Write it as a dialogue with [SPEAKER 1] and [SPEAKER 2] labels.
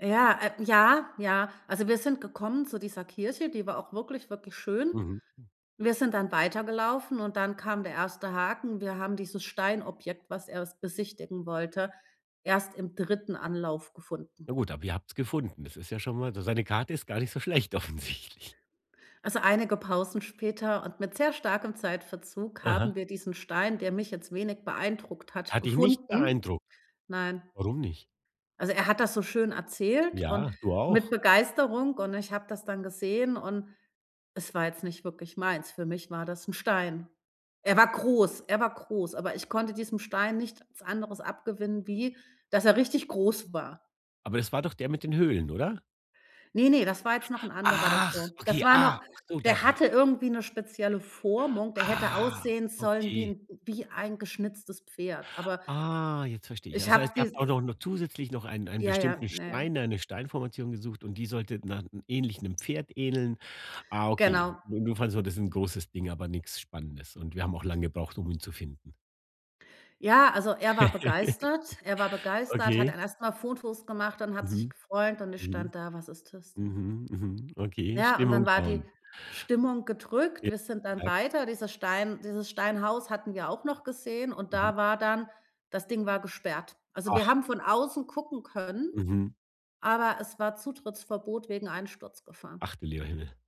[SPEAKER 1] Ja, äh, ja, ja. Also wir sind gekommen zu dieser Kirche, die war auch wirklich, wirklich schön.
[SPEAKER 2] Mhm.
[SPEAKER 1] Wir sind dann weitergelaufen, und dann kam der erste Haken. Wir haben dieses Steinobjekt, was er s besichtigen wollte, erst im 3. Anlauf gefunden.
[SPEAKER 2] Ja gut, aber ihr habt's gefunden. Das ist ja schon mal so eine Karte ist gar nicht so schlecht offensichtlich.
[SPEAKER 1] Also einige Pausen später und mit sehr starkem Zeitverzug
[SPEAKER 2] Aha.
[SPEAKER 1] haben wir diesen Stein, der mich jetzt wenig beeindruckt hat,
[SPEAKER 2] Hat dich nicht
[SPEAKER 1] gefunden.
[SPEAKER 2] beeindruckt?
[SPEAKER 1] Nein.
[SPEAKER 2] Warum nicht?
[SPEAKER 1] Also, er hat das so schön erzählt und
[SPEAKER 2] Ja, du
[SPEAKER 1] mit
[SPEAKER 2] auch.
[SPEAKER 1] Begeisterung, und ich habe das dann gesehen, und es war jetzt nicht wirklich meins. Für mich war das 'n Stein. Er war groß er war groß, aber ich konnte diesem Stein nichts anderes abgewinnen wie, dass er richtig groß war.
[SPEAKER 2] Aber es war doch der mit den Höhlen, oder?
[SPEAKER 1] Ne, ne, das war jetzt noch 'n anderer
[SPEAKER 2] Ach,
[SPEAKER 1] davor.
[SPEAKER 2] okay,
[SPEAKER 1] Das war
[SPEAKER 2] ah,
[SPEAKER 1] noch
[SPEAKER 2] ach so, dann.
[SPEAKER 1] der hatte irgendwie 'ne spezielle Formung, der hätte
[SPEAKER 2] Ah,
[SPEAKER 1] aussehen sollen wie
[SPEAKER 2] okay.
[SPEAKER 1] 'n wie ein geschnitztes Pferd, aber
[SPEAKER 2] Ah, jetzt verstehe ich.
[SPEAKER 1] ich
[SPEAKER 2] Das
[SPEAKER 1] hab
[SPEAKER 2] heißt, ihr habt
[SPEAKER 1] dies
[SPEAKER 2] auch noch noch zusätzlich noch einen einen
[SPEAKER 1] Ja ja,
[SPEAKER 2] bestimmten
[SPEAKER 1] ja ja.
[SPEAKER 2] Stein eine Steinformation gesucht, und die sollte na ähnlich 'nem Pferd ähneln. Ah, okay,
[SPEAKER 1] Genau.
[SPEAKER 2] jedenfalls war das 'n großes Ding, aber nix Spannendes, und wir haben auch lange gebraucht, um ihn zu finden.
[SPEAKER 1] Ja, also er war begeistert er war begeistert, hat
[SPEAKER 2] Okay.
[SPEAKER 1] dann erstmal Fotos gemacht und hat sich
[SPEAKER 2] Mhm.
[SPEAKER 1] gefreut und ich
[SPEAKER 2] Mhm.
[SPEAKER 1] stand da: „Was ist das denn?“
[SPEAKER 2] Mhm, mhm. Okay,
[SPEAKER 1] Ja, und dann
[SPEAKER 2] Stimmung
[SPEAKER 1] war die
[SPEAKER 2] down.
[SPEAKER 1] Stimmung gedrückt.
[SPEAKER 2] Ja,
[SPEAKER 1] Wir sind
[SPEAKER 2] ich
[SPEAKER 1] dann
[SPEAKER 2] merke es.
[SPEAKER 1] weiter, dieses Stein dieses Steinhaus hatten wir auch noch gesehen und
[SPEAKER 2] Mhm.
[SPEAKER 1] da war dann das Ding war gesperrt. Also, wir
[SPEAKER 2] Ach.
[SPEAKER 1] haben von außen gucken können,
[SPEAKER 2] Mhm.
[SPEAKER 1] aber es war Zutrittsverbot wegen Einsturzgefahr.
[SPEAKER 2] Ach, du lieber Himmel.